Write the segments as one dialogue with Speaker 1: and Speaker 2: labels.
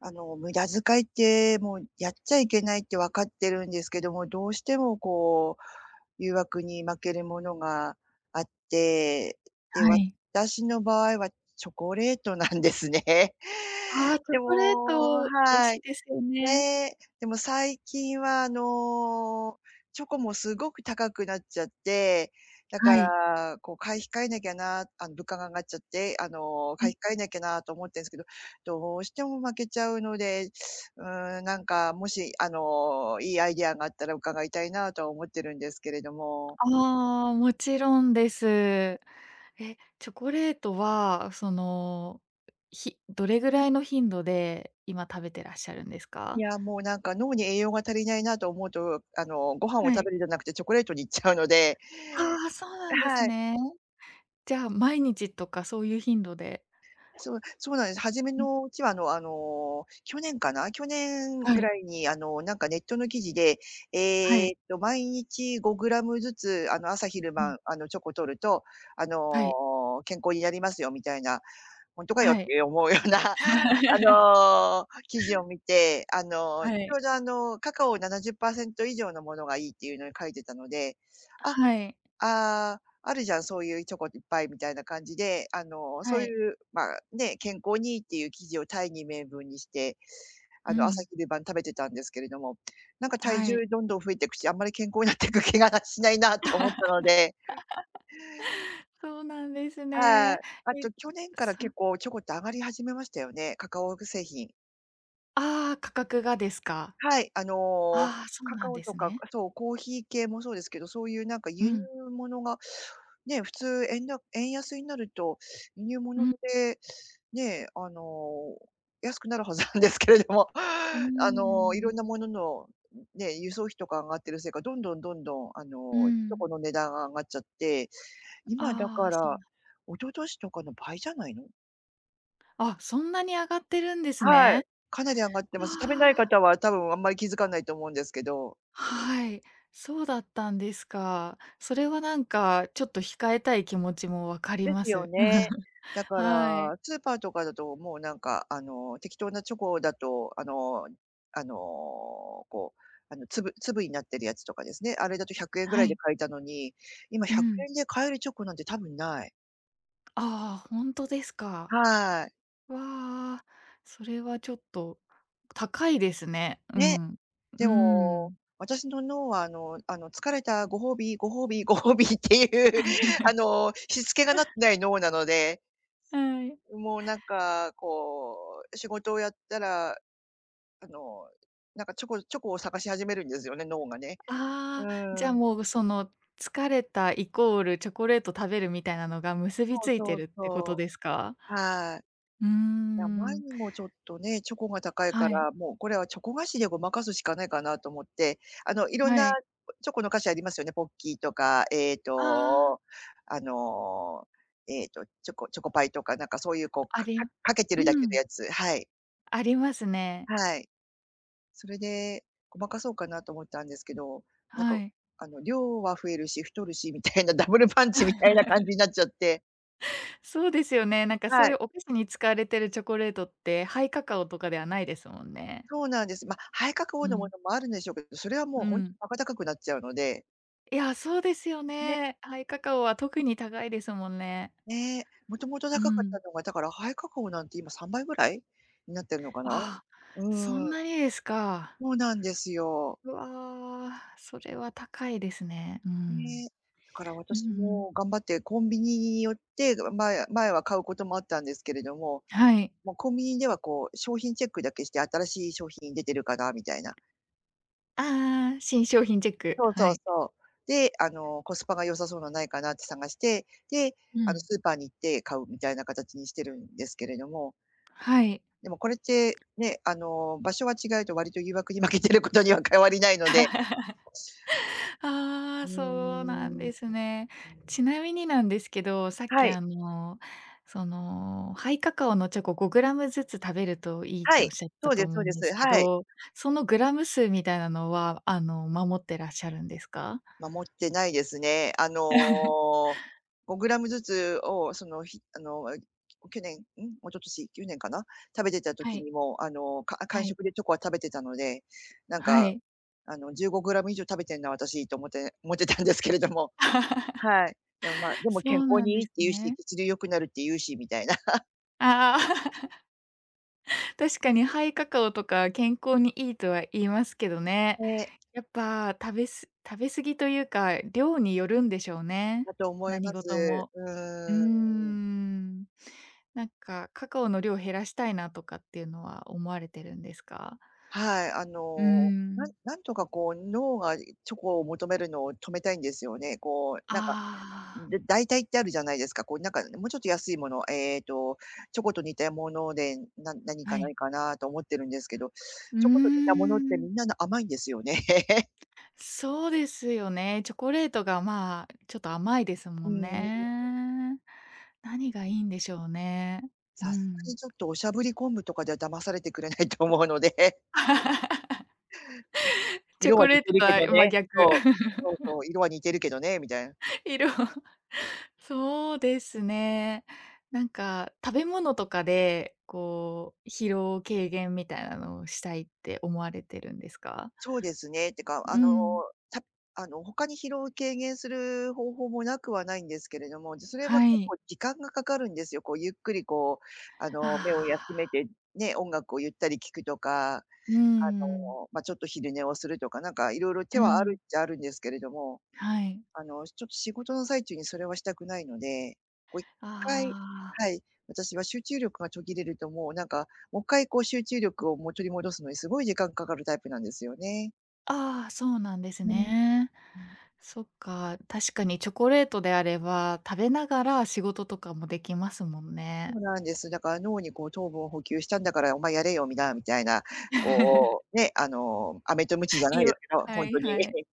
Speaker 1: あの無駄遣いって、もうやっちゃいけないって分かってるんですけども、どうしてもこう、誘惑に負けるものがあって。で、
Speaker 2: はい。
Speaker 1: 私の場合はチョコレートなんですね。
Speaker 2: ああ、チョ
Speaker 1: で
Speaker 2: コレー
Speaker 1: も
Speaker 2: ト、美味
Speaker 1: は
Speaker 2: しい
Speaker 1: い。
Speaker 2: ですよね。
Speaker 1: ね、でも最近はあの、チョコもすごく高くなっちゃって、だか
Speaker 2: はい。
Speaker 1: らこう買い控えなきゃなあの物価が上がっちゃって、あの
Speaker 2: う
Speaker 1: 買
Speaker 2: ん。
Speaker 1: い控えなきゃなと思ってるんすけど、どうしても負けちゃうので、うーん、なんかもし、あのいいアイディアがあったら伺いたいなとは思っているんですけれども。
Speaker 2: ああ、もちろんです。え、チョコレートはその、ひどれぐらいの頻度で今食べてらっしゃるんです
Speaker 1: い
Speaker 2: か？
Speaker 1: やもうなんか脳に栄養が足りないなと思うと、あのご飯を
Speaker 2: は
Speaker 1: 食
Speaker 2: い。
Speaker 1: べるんじゃなくてチョコレートにいっちゃうので。
Speaker 2: ああ、そうなんです
Speaker 1: はい。
Speaker 2: ね。じゃあ毎日とか、そういう頻度で。
Speaker 1: そうそうなんです。初め
Speaker 2: うん。
Speaker 1: のうちはあのあの去年かな？去年
Speaker 2: は
Speaker 1: ぐ
Speaker 2: い。
Speaker 1: らいにあのなんかネットの記事で、
Speaker 2: は
Speaker 1: えっ
Speaker 2: い。
Speaker 1: と毎日5グラムずつ、あの朝昼
Speaker 2: うん。
Speaker 1: 晩、あのチョコ摂ると、あ
Speaker 2: はい。
Speaker 1: の健康になりますよ、みたいな。ほんとかよっ
Speaker 2: はい。
Speaker 1: て思うようなあ の記事を見て、あの
Speaker 2: はい。
Speaker 1: 丁度、あのカカオ70%以上のものがいいっていうのを書いていたので、あ
Speaker 2: はい。
Speaker 1: ああ「あるじゃんそういうチョコいっぱい」みたいな感じで、あのそう
Speaker 2: はい。
Speaker 1: いうまあね、健康にいいっていう記事を大義名分にして、
Speaker 2: う
Speaker 1: あの朝
Speaker 2: ん。
Speaker 1: 昼晩食べてたんですけれども、なんか体
Speaker 2: は
Speaker 1: 重
Speaker 2: い。
Speaker 1: どんどん増えてくし、あんまり健康になってく気がしないなと思ったので。
Speaker 2: そうなんです
Speaker 1: はい、
Speaker 2: ね。
Speaker 1: あ
Speaker 2: え
Speaker 1: と去年から
Speaker 2: そ
Speaker 1: 結構チョコって上がり始めましたよね、カカオぐ製品。
Speaker 2: ああ、価格がですか？
Speaker 1: はい、あの、
Speaker 2: ああ、そう
Speaker 1: カ
Speaker 2: な
Speaker 1: カ
Speaker 2: ん
Speaker 1: オ
Speaker 2: で
Speaker 1: と
Speaker 2: す
Speaker 1: か、
Speaker 2: ね。
Speaker 1: くあ、そう、コーヒー系もそうですけど、そういうなんか
Speaker 2: う
Speaker 1: 輸入
Speaker 2: ん。
Speaker 1: 物が、ね、普通円だ円安になると、輸入
Speaker 2: う
Speaker 1: 物っ
Speaker 2: ん。
Speaker 1: て、ね、あの、安くなるはずなんですけれども、
Speaker 2: うー
Speaker 1: あの、色ん
Speaker 2: ん。
Speaker 1: な物の、ううん、ね、輸送費とか上がってるせいか、どんどんどんどん、あ
Speaker 2: う
Speaker 1: の、チョ
Speaker 2: ん。
Speaker 1: コの値段が上がっちゃって、今だ
Speaker 2: あ
Speaker 1: か
Speaker 2: あ、そうな
Speaker 1: ら、
Speaker 2: ん。
Speaker 1: 一昨年とかの倍じゃないの。
Speaker 2: あ、そんなに上がってるんです
Speaker 1: はい、
Speaker 2: ね。
Speaker 1: かなり上がって
Speaker 2: あ
Speaker 1: ます。食べない
Speaker 2: あ。
Speaker 1: 方は多分あんまり気づかないと思うんですけど。
Speaker 2: はい。そうだったんですか。それは何かちょっと控えたい気持ちも分かり
Speaker 1: で
Speaker 2: ま
Speaker 1: すよ
Speaker 2: す。
Speaker 1: ね。だか
Speaker 2: はい。
Speaker 1: らスーパーとかだともうなんか、あの、適当なチョコだと、あのあの、こう、あの、粒粒になってるやつとかですね、あれだと100円ぐら
Speaker 2: は
Speaker 1: いで
Speaker 2: い。
Speaker 1: 買えたのに、今ひ
Speaker 2: う
Speaker 1: ゃく
Speaker 2: ん。
Speaker 1: えんで買えるチョコなんてたぶんない。
Speaker 2: ああ、ほんとですか。
Speaker 1: はい。
Speaker 2: わ、それはちょっと高いですね。う
Speaker 1: ね。
Speaker 2: ん。う
Speaker 1: でも、
Speaker 2: ん。
Speaker 1: 私の脳はあのあの疲れたご褒美ご褒美ご褒美っていう、あの、躾けがなって ない脳なので。
Speaker 2: はい。
Speaker 1: うん、もうなんか、こう、仕事をやったら、あの、なんかチョコチョコを探し始めるんですよね、脳がね。う
Speaker 2: ああ、じ
Speaker 1: ー
Speaker 2: ゃ
Speaker 1: ん。
Speaker 2: もう、ぐその、疲れたイコールチョコレート食べるみたいなのが、結
Speaker 1: そ
Speaker 2: び
Speaker 1: う
Speaker 2: ついて
Speaker 1: そう
Speaker 2: るってこと
Speaker 1: そ
Speaker 2: ですか？
Speaker 1: う。はい。い
Speaker 2: うー
Speaker 1: や、前
Speaker 2: ん。
Speaker 1: にもちょっとね、チョコが高いか
Speaker 2: はい。
Speaker 1: ら、もうこれはチョコ菓子でごまかすしかないかなと思って。あの、色ん
Speaker 2: は
Speaker 1: な
Speaker 2: い。
Speaker 1: チョコの菓子ありますよね、ポッキーとか、えっ
Speaker 2: ああ。
Speaker 1: と、あの、えっと、チョコチョコパイとかなんかそういうこう、
Speaker 2: あ
Speaker 1: か
Speaker 2: り
Speaker 1: か
Speaker 2: う
Speaker 1: かけて
Speaker 2: う
Speaker 1: るだけの
Speaker 2: ん。
Speaker 1: やつはい。
Speaker 2: ありますね。
Speaker 1: はい、それでごまかそうかなと思ったんですけど、なん
Speaker 2: は
Speaker 1: か
Speaker 2: い。
Speaker 1: あの量は増えるし太るしみたいな、ダブルパンチみたいな感じ になっちゃって。
Speaker 2: そうですよね、なんか
Speaker 1: は
Speaker 2: そうい
Speaker 1: い。
Speaker 2: うお菓子に使われてるチョコレートって、ハイカカオとかではないですもんね。
Speaker 1: そうなんです。ま、ハイカカオ
Speaker 2: う
Speaker 1: のも
Speaker 2: ん。
Speaker 1: のもあるんでしょうけど、それはもう
Speaker 2: う
Speaker 1: 本当
Speaker 2: ん。
Speaker 1: にバカ高くなっちゃうので。
Speaker 2: いや、そうですよ
Speaker 1: ね。
Speaker 2: ね、ハイカカオは特に高いですもんね。
Speaker 1: ねえ。もともと
Speaker 2: う
Speaker 1: 高かった
Speaker 2: ん。
Speaker 1: のが、だからハイカカオなんて今、三倍ぐらい？になってんのかな、
Speaker 2: ああ、そ
Speaker 1: う
Speaker 2: ん
Speaker 1: ん。
Speaker 2: なにですか。
Speaker 1: そうなんですよ。
Speaker 2: うわ、それは高いですね、う
Speaker 1: ね、
Speaker 2: ん
Speaker 1: だから
Speaker 2: う
Speaker 1: 私
Speaker 2: ん。
Speaker 1: も頑張ってコンビニに寄って、あ前前は買うこともあったんですけれども。
Speaker 2: はい。
Speaker 1: もうコンビニではこう、商品チェックだけして「新しい商品出てるかな？」みたいな。
Speaker 2: ああああ。新商品チェック、
Speaker 1: そう
Speaker 2: は
Speaker 1: そう
Speaker 2: い。
Speaker 1: そう。で、あの、「コスパが良さそうなないかな」って探して、で、
Speaker 2: う
Speaker 1: あの
Speaker 2: ん。
Speaker 1: スーパーに行って買う、みたいな形にしてるんですけれども。
Speaker 2: はい。
Speaker 1: でもこれって、ね、あの、場所が違うと割と誘惑に負けてることには変わりないので。
Speaker 2: あ
Speaker 1: う
Speaker 2: あ、
Speaker 1: ー
Speaker 2: そうなん
Speaker 1: ん
Speaker 2: で
Speaker 1: う
Speaker 2: すね。
Speaker 1: うん。
Speaker 2: ちなみになんですけど、さっ
Speaker 1: は
Speaker 2: き
Speaker 1: い。
Speaker 2: あの、そのハイカカオのチョコ5グラムずつ食べるといいっ
Speaker 1: は
Speaker 2: ておっ
Speaker 1: い、
Speaker 2: しゃって
Speaker 1: そ
Speaker 2: た
Speaker 1: うで
Speaker 2: と
Speaker 1: す
Speaker 2: 思
Speaker 1: そう
Speaker 2: う
Speaker 1: で
Speaker 2: んです
Speaker 1: す。
Speaker 2: け
Speaker 1: はい。
Speaker 2: ど、そのグラム数みたいなのはあの守ってらっしゃるんですか？
Speaker 1: 守ってないですね。あ の、5グラムずつを、そのひあの、あ、去年、ん一昨年、去年かな？食べてた
Speaker 2: は
Speaker 1: 時
Speaker 2: い。
Speaker 1: にもあの、かんあ間
Speaker 2: はい。
Speaker 1: 食でチョコは食べてたので、なん
Speaker 2: は
Speaker 1: か
Speaker 2: い。
Speaker 1: あの15グラム以上食べてんなあたし、と思って思ってたんですけれども。はい、でも、まあ、でも
Speaker 2: そ
Speaker 1: 健
Speaker 2: う
Speaker 1: 康
Speaker 2: なん
Speaker 1: にいい
Speaker 2: で
Speaker 1: っ
Speaker 2: す
Speaker 1: て言うし、
Speaker 2: ね。
Speaker 1: 血流良くなるって言うしみたいな。
Speaker 2: ああ。確かにハイカカオとか健康にいいとは言いますけどね。
Speaker 1: ね。
Speaker 2: やっぱ食べす食べ過ぎというか、量によるんでしょうね
Speaker 1: だと思いま
Speaker 2: 何
Speaker 1: す。
Speaker 2: 事も。うー
Speaker 1: うん。
Speaker 2: ん。なんかカカオの量を減らしたいなとかっていうのは思われてるんですか？
Speaker 1: はい、あ
Speaker 2: う
Speaker 1: のなん
Speaker 2: ん。
Speaker 1: なんとかこう脳がチョコを求めるのを止めたいんですよね。こう、なんか
Speaker 2: ああ。
Speaker 1: だ代替ってあるじゃないですか、こうなんかもうちょっと安いもの、えっとチョコと似たもので、な何か
Speaker 2: は
Speaker 1: な
Speaker 2: い。
Speaker 1: いかなと思ってるんですけど、
Speaker 2: うー
Speaker 1: チョコと似たものって
Speaker 2: ん。
Speaker 1: みんな甘いんですよね。
Speaker 2: そうですよね、チョコレートがまあ、ちょっと甘いです
Speaker 1: う
Speaker 2: もん
Speaker 1: ん。
Speaker 2: ね。何がいいんでしょうね。う
Speaker 1: さすが
Speaker 2: ん。
Speaker 1: にちょっとおしゃぶり昆布とかでは騙されてくれないと思うので。
Speaker 2: チョ
Speaker 1: 色は
Speaker 2: コ
Speaker 1: 似
Speaker 2: レー
Speaker 1: て
Speaker 2: ト
Speaker 1: る
Speaker 2: と
Speaker 1: け
Speaker 2: は
Speaker 1: ど
Speaker 2: 真
Speaker 1: ね
Speaker 2: 逆。
Speaker 1: そうそうそ う、色は似てるけどね、みたいな。
Speaker 2: 色 そうですね。なんか食べ物とかで、こう疲労軽減みたいなのをしたいって思われてるんですか？
Speaker 1: そうですね、てかあ
Speaker 2: う
Speaker 1: の、
Speaker 2: ん。
Speaker 1: たあの他に疲労を軽減する方法もなくはないんですけれども、ずそれは
Speaker 2: は
Speaker 1: 結
Speaker 2: い。
Speaker 1: 構時間がかかるんですよ。こうゆっくりこう、あ
Speaker 2: あ
Speaker 1: の目を
Speaker 2: あ。
Speaker 1: 休めて、ね、音楽をゆったり聴くとか、あ
Speaker 2: うん。
Speaker 1: の、ま、ちょっと昼寝をするとか、なんかいろいろ手
Speaker 2: う
Speaker 1: はある
Speaker 2: ん。
Speaker 1: っちゃあるんですけれども。
Speaker 2: はい。
Speaker 1: あのちょっと仕事の最中にそれはしたくないので、こう1回
Speaker 2: ああ。
Speaker 1: はい、私は集中力が途切れるともうなんか、もっかいこう集中力を取り戻すのにすごい時間かかるタイプなんですよね。
Speaker 2: ああ、そうなんです
Speaker 1: うん
Speaker 2: ね。
Speaker 1: うん。
Speaker 2: そっか、確かにチョコレートであれば、食べながら仕事とかもできますもん
Speaker 1: そ
Speaker 2: ね。
Speaker 1: うなんです。だから脳にこう「糖分を補給したんだからお前やれよ」みなみたいな、こうね、あの飴と鞭じゃ
Speaker 2: い
Speaker 1: ない
Speaker 2: い
Speaker 1: で
Speaker 2: わ
Speaker 1: すけど、
Speaker 2: は
Speaker 1: ほん
Speaker 2: い
Speaker 1: とに
Speaker 2: はい。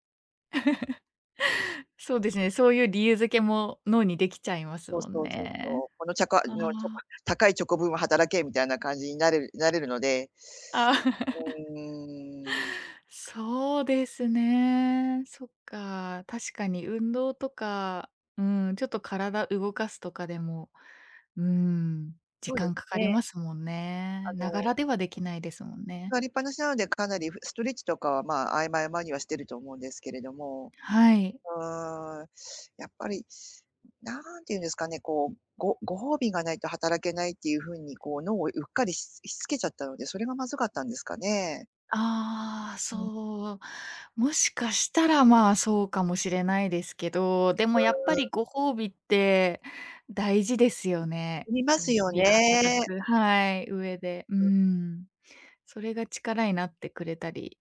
Speaker 2: そうですね、そういう理由付けも脳にできちゃいます
Speaker 1: そう
Speaker 2: もん
Speaker 1: そうそうそ
Speaker 2: ね。
Speaker 1: う、「このちゃか
Speaker 2: あ
Speaker 1: のチョコ
Speaker 2: あ。
Speaker 1: 高いチョコ分は働け」みたいな感じになれるなれるので、
Speaker 2: ああ。
Speaker 1: うーん。
Speaker 2: そうですね。そっか。確かに運動とか、うーん、ちょっと体動かすとかでも、うーん、
Speaker 1: そ
Speaker 2: 時
Speaker 1: うで
Speaker 2: 間
Speaker 1: す
Speaker 2: かかり
Speaker 1: ね。
Speaker 2: ますもん
Speaker 1: あ
Speaker 2: ね。なが
Speaker 1: の
Speaker 2: らではできないですもんね。
Speaker 1: 座りっぱなしなので、かなりふストレッチとかは、まあ、合間合間にはしていると思うんですけれども。
Speaker 2: はい。
Speaker 1: ああ、やっぱり、なんて言うんですかね、こう、ごご褒美がないと働けないっていうふうに、こう脳をうっかりししつけちゃったので、それがまずかったんですかね。
Speaker 2: ああ、
Speaker 1: うん。
Speaker 2: そう。もしかしたら、まあ、そうかもしれないですけど、で
Speaker 1: う
Speaker 2: もやっぱ
Speaker 1: ーん。
Speaker 2: りご褒美って大事ですよね。
Speaker 1: ありま
Speaker 2: こう
Speaker 1: す
Speaker 2: 日
Speaker 1: よ
Speaker 2: 々働
Speaker 1: ね。
Speaker 2: くはい、上で。うーん。それが力になってくれたり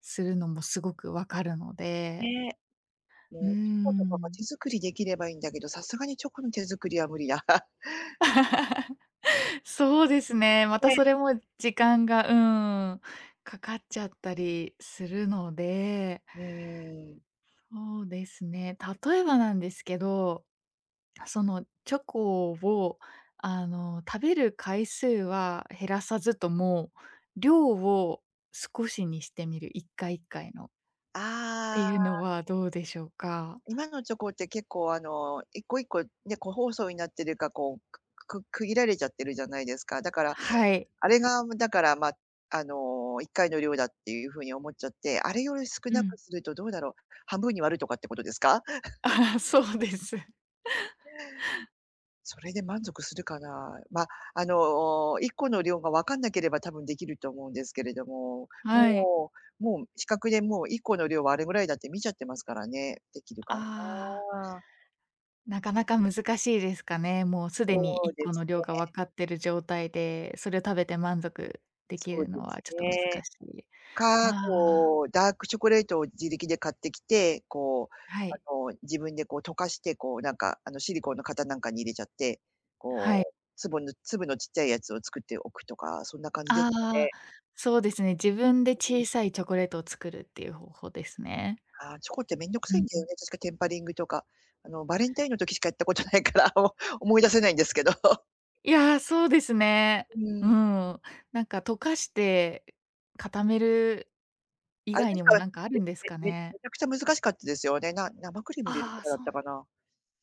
Speaker 2: するのもすごくわかるので。
Speaker 1: ねえ、
Speaker 2: うー
Speaker 1: もうチョコとかが
Speaker 2: ん。
Speaker 1: 手作りできればいいんだけど、さすがにチョコの手作りは無理だ。
Speaker 2: そうですね、また
Speaker 1: で
Speaker 2: それも時間がうーん。かかっちゃったりするので。
Speaker 1: うーん。
Speaker 2: そうですね、例えばなんですけど、そのチョコを、あの、食べる回数は減らさずとも、量を少しにしてみる、1回1回のって
Speaker 1: あ
Speaker 2: いうの
Speaker 1: あ。
Speaker 2: はどうでしょうか？
Speaker 1: 今のチョコって結構、あの1個1個ね、個包装になってるかこう、くく区切られちゃってるじゃないですか、だから、
Speaker 2: はい。
Speaker 1: あれがだから、ま、あの1回の量だっていうふうに思っちゃって、あれより少
Speaker 2: う
Speaker 1: なく
Speaker 2: ん。
Speaker 1: するとどうだろう、半分に割るとかってことですか？
Speaker 2: ああ、そうです。
Speaker 1: それで満足するかな、ま、あの1個の量がわかんなければ多分できると思うんですけれども、
Speaker 2: はい。
Speaker 1: もうもう視覚でもう1個の量はあれぐらいだって見ちゃってますからね、できるか
Speaker 2: ああ。
Speaker 1: な？
Speaker 2: なかなか難しいですかね。もうすでに
Speaker 1: そ
Speaker 2: い
Speaker 1: う
Speaker 2: っ
Speaker 1: で
Speaker 2: この
Speaker 1: す
Speaker 2: 量がわ
Speaker 1: ね。
Speaker 2: かってる状態で、それを食べて満足でき
Speaker 1: そう
Speaker 2: る
Speaker 1: で
Speaker 2: のは
Speaker 1: す
Speaker 2: ちょっと難
Speaker 1: ね。
Speaker 2: しい。
Speaker 1: か、
Speaker 2: ああ。
Speaker 1: こうダークチョコレートを自力で買ってきて、こう、
Speaker 2: はい。
Speaker 1: あの自分でこう溶かして、こうなんかあのシリコンの型なんかに入れちゃって、
Speaker 2: はい。
Speaker 1: こう、粒の粒の小っちゃいやつを作っておくとか、そんな感じです
Speaker 2: あ
Speaker 1: か
Speaker 2: あ、
Speaker 1: ね？
Speaker 2: そうですね。自分で
Speaker 1: うん。
Speaker 2: 小さいチョコレートを作るっていう方法ですね。
Speaker 1: ああ、チョコって面倒く
Speaker 2: う
Speaker 1: さいん
Speaker 2: ん
Speaker 1: だ
Speaker 2: う
Speaker 1: よ
Speaker 2: ん。
Speaker 1: ね、確かテンパリングとか。あのバレンタインの時しかやったことないから、もう思い出せないんですけど。
Speaker 2: いや、そうですね。
Speaker 1: う
Speaker 2: う
Speaker 1: ん。
Speaker 2: ん。なんか溶かして固める以
Speaker 1: あれで
Speaker 2: 外
Speaker 1: す
Speaker 2: にも
Speaker 1: か、
Speaker 2: なんかある
Speaker 1: め
Speaker 2: んです
Speaker 1: め
Speaker 2: か
Speaker 1: め
Speaker 2: ね。
Speaker 1: めちゃくちゃ難しかったですよ。で、な生クリーム入れる
Speaker 2: あ
Speaker 1: と
Speaker 2: あ、
Speaker 1: かだっ
Speaker 2: そ
Speaker 1: た
Speaker 2: う。
Speaker 1: かな。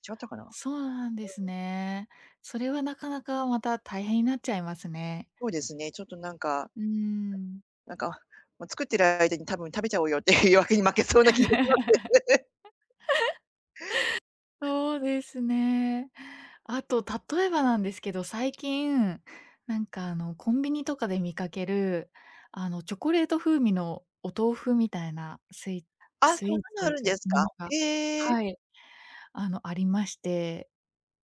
Speaker 1: 違ったかな？うん。
Speaker 2: そうなんですね。それはなかなかまた大変になっちゃいますね。
Speaker 1: そうですね、ちょっとなんか
Speaker 2: うん。
Speaker 1: なんか、もう作ってる間に多分、「食べちゃおうよ」っていう誘惑に負けそうな気がしま す。
Speaker 2: そうですね。あと例えばなんですけど、最近なんかあのコンビニとかで見かけるあのチョコレート風味のお豆腐みたいなスイ
Speaker 1: あ、そん
Speaker 2: スイーツ
Speaker 1: な
Speaker 2: と
Speaker 1: の
Speaker 2: い
Speaker 1: あ
Speaker 2: う
Speaker 1: るんで
Speaker 2: か、
Speaker 1: す
Speaker 2: も
Speaker 1: か？
Speaker 2: のが
Speaker 1: へえ。
Speaker 2: はい。あの、ありまして、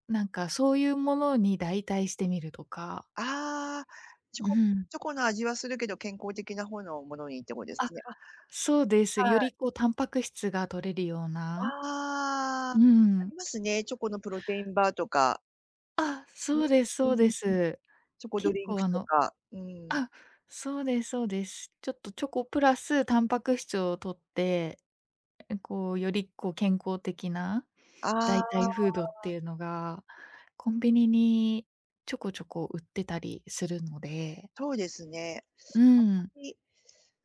Speaker 2: なんかそういうものに代替してみるとか。
Speaker 1: ああ、チョ
Speaker 2: う
Speaker 1: コ
Speaker 2: ん。
Speaker 1: チョコの味はするけど、健康的な方のものにってことで
Speaker 2: あ、
Speaker 1: すね。あ、
Speaker 2: そうです。
Speaker 1: は
Speaker 2: よ
Speaker 1: い。
Speaker 2: りこうタンパク質が摂れるよう
Speaker 1: あ
Speaker 2: な。
Speaker 1: あ、
Speaker 2: う
Speaker 1: あ
Speaker 2: ん。
Speaker 1: りますね、チョコのプロテインバーとか。
Speaker 2: あ、
Speaker 1: う
Speaker 2: そうですそうで
Speaker 1: ーん。
Speaker 2: す。
Speaker 1: チョコド
Speaker 2: 結
Speaker 1: リンク
Speaker 2: 構あ
Speaker 1: と
Speaker 2: の
Speaker 1: か、うん。
Speaker 2: あ、そうですそうです。ちょっとチョコプラスタンパク質を摂って、こう、よりこう健康的な
Speaker 1: あ
Speaker 2: 代替フードって
Speaker 1: あ。
Speaker 2: いうのが、コンビニにちょこちょこ売ってたりするので。
Speaker 1: そうですね、
Speaker 2: うん。
Speaker 1: あんまり、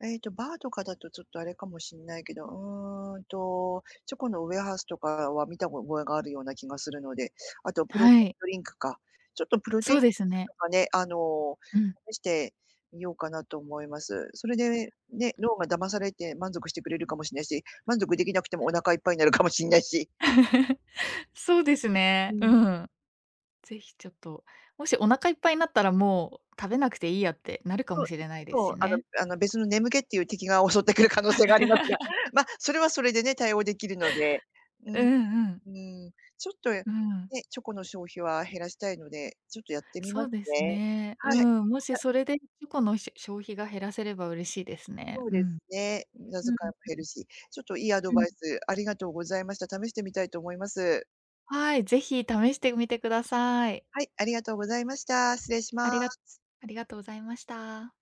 Speaker 1: えっと、バーとかだとちょっとあれかもしんないけど、うーんと、チョコのウエハースとかは見た覚えがあるような気がするので、あとプロテ
Speaker 2: は
Speaker 1: イン
Speaker 2: い。
Speaker 1: ドリンクか。ちょっとプロテイ
Speaker 2: そう
Speaker 1: ンドリン
Speaker 2: です
Speaker 1: ク
Speaker 2: ね。
Speaker 1: とかね、あの、
Speaker 2: うん。
Speaker 1: 試してみようかなと思います。それでね、脳が騙されて満足してくれるかもしれないし、満足できなくてもお腹いっぱいになるかもしんないし
Speaker 2: そうです
Speaker 1: う
Speaker 2: ね。
Speaker 1: ん。
Speaker 2: うん。是非ちょっと、もしお腹いっぱいになったら、もう食べなくていいやってなるか
Speaker 1: そ
Speaker 2: も
Speaker 1: う
Speaker 2: しれないです
Speaker 1: そう、
Speaker 2: し
Speaker 1: あの
Speaker 2: ね。
Speaker 1: あの、別の眠気っていう敵が襲ってくる可能性がありますが、まあ、それはそれでね、対応できるので。う
Speaker 2: う
Speaker 1: ん。
Speaker 2: んうん。
Speaker 1: うん。ちょっとね、
Speaker 2: うん。
Speaker 1: チョコの消費は減らしたいので、ちょっとやってみ
Speaker 2: そ
Speaker 1: ます
Speaker 2: うです
Speaker 1: ね。
Speaker 2: ね。
Speaker 1: は
Speaker 2: う
Speaker 1: い。
Speaker 2: ん、も
Speaker 1: じ
Speaker 2: し
Speaker 1: ゃ
Speaker 2: それでチョコのしょ消費が減らせれば嬉しいですね。
Speaker 1: そう
Speaker 2: う
Speaker 1: です
Speaker 2: ん。
Speaker 1: ね、無駄
Speaker 2: う
Speaker 1: 遣
Speaker 2: ん
Speaker 1: いも減るし。ちょっといいアド
Speaker 2: うん。う
Speaker 1: バ
Speaker 2: ん。
Speaker 1: イスありがとうございました。試してみたいと思います。
Speaker 2: はい、ぜひ試してみてください。
Speaker 1: はい、ありがとうございました。失礼し
Speaker 2: あり
Speaker 1: ま
Speaker 2: が
Speaker 1: す。
Speaker 2: ありがとうございました。